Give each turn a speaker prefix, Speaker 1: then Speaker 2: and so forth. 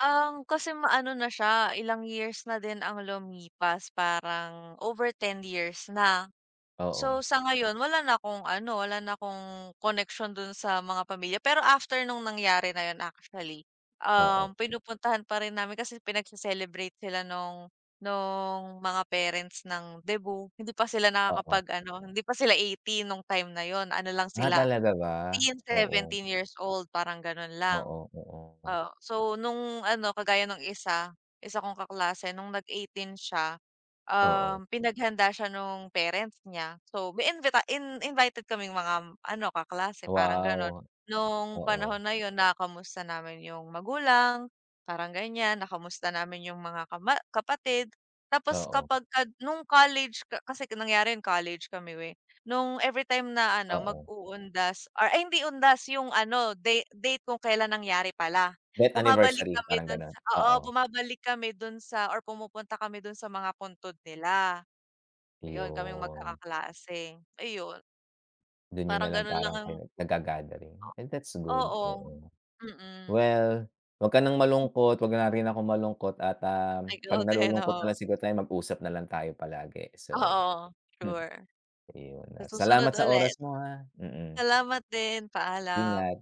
Speaker 1: Ang kasi maano na siya, ilang years na din ang lumipas. Parang over 10 years na. So
Speaker 2: Oo.
Speaker 1: sa ngayon wala na akong ano, wala na akong connection dun sa mga pamilya, pero after nung nangyari na yun actually, um,
Speaker 2: Oo.
Speaker 1: pinupuntahan pa rin namin. Kasi pinagse-celebrate sila nung, nung mga parents ng debut. Hindi pa sila
Speaker 2: Oo.
Speaker 1: nakakapag ano hindi pa sila 18 nung time na yun, ano lang
Speaker 2: Ah,
Speaker 1: sila,
Speaker 2: talaga ba?
Speaker 1: sixteen,
Speaker 2: Oo.
Speaker 1: seventeen years old parang ganon lang.
Speaker 2: Oo, oo, oh.
Speaker 1: Oh, so nung ano kagaya nung isa, isa kong kaklase nung nag-eighteen siya,
Speaker 2: Oo.
Speaker 1: um, pinaghanda siya nung parents niya. So may invita in invited kaming mga, um, ano kaklase parang ganon,
Speaker 2: Wow!
Speaker 1: nung panahon
Speaker 2: Oo.
Speaker 1: na yun nakukumusta namin yung magulang parang ganyan, nakamusta namin yung mga kama kapatid. Tapos
Speaker 2: Oo.
Speaker 1: kapag ka nung college ka kasi nangyari yun college kami, eh, nung everytime na ano mag
Speaker 2: Oo.
Speaker 1: uundas or ay hindi undas yung ano date date kung kelan nangyari pala.
Speaker 2: Death
Speaker 1: Bumabalik
Speaker 2: anniversary,
Speaker 1: kami
Speaker 2: parang
Speaker 1: dun
Speaker 2: ganun?
Speaker 1: sa oo
Speaker 2: Oo.
Speaker 1: bumabalik kami dun sa or pumupunta kami dun sa mga puntod nila. Ayun kaming
Speaker 2: Iyon.
Speaker 1: magkakaklase. Ayun.
Speaker 2: Dun niyo
Speaker 1: Parang
Speaker 2: na lang
Speaker 1: ganun lang
Speaker 2: parang
Speaker 1: ang
Speaker 2: kayo naga-gathering, and that's good.
Speaker 1: Oo,
Speaker 2: Oo.
Speaker 1: mm.
Speaker 2: Well, wag ka ng malungkot, wag na rin akong malungkot at, ah,
Speaker 1: Ikaw
Speaker 2: pag
Speaker 1: din,
Speaker 2: nalulungkot na
Speaker 1: oo.
Speaker 2: lang siguro tayo mag-usap na lang tayo palagi. So,
Speaker 1: Oo
Speaker 2: hmm,
Speaker 1: sure.
Speaker 2: iyon
Speaker 1: Sa susunod
Speaker 2: salamat sa
Speaker 1: ulit
Speaker 2: oras mo, ah. Mm.
Speaker 1: Salamat din
Speaker 2: Ingat.
Speaker 1: paalam.